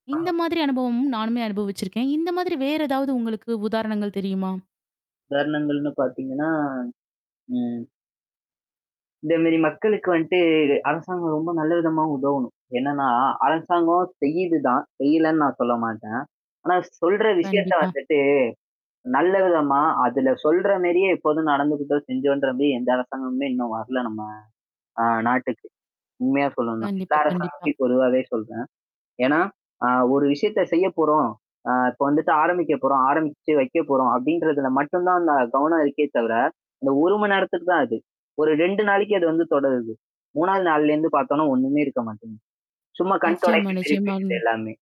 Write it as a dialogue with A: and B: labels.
A: இந்த
B: ஆ.
A: மாதிரி அனுபவமும் நானுமே அனுபவிச்சிருக்கேன். இந்த மாதிரி வேற ஏதாவது உங்களுக்கு உதாரணங்கள் தெரியுமா?
B: உதாரணங்கள்னு பார்த்தீங்கன்னா. ம். இந்த மேரி மக்களுக்கு வந்துட்டுது அரசாங்கம் ரொம்ப நல்ல விதமா உதவணும். என்னன்னா அரசாங்கம் செய்யுது தான். செய்யலேன்னு நான் சொல்ல மாட்டேன். ஆனா சொல்ற விஷயத்த
A: கண்டிப்பா.
B: வந்துட்டு, நல்ல விதமா. அதுல சொல்ற மேரியே இப்போதும் நடந்துக்கிட்டோம் செஞ்சோன்ற மாரி எந்த அரசாங்கமுமே இன்னும் வரல நம்ம ஆ நாட்டுக்கு. உண்மையா சொல்லனும்னா டைரக்ட் அ.
A: கண்டிப்பா,
B: எல்லாரயும் பத்தி
A: கண்டிப்பா.
B: பொதுவாவே சொல்றேன். ஏன்னா, அ ஒரு விஷயத்த செய்ய போறோம். அ இப்ப வந்துட்டு ஆரம்பிக்க போறோம், ஆரம்பிச்சு வைக்க போறோம். அப்படின்றதுல மட்டும் தான் அந்த கவனம் இருக்கே தவிர, அந்த 1 மணி நேரத்துக்கு தான் அது. ஒரு 2 நாளைக்கு அது வந்து தொடருது. 3வது நாள்லேருந்து பார்த்தோனா ஒண்ணுமே இருக்க மாட்டேங்க. சும்மா கண்
A: நிச்சயமா,
B: தொடைப்புக்கு இருக்கு
A: நிச்சயமா.
B: அது எல்லாமே.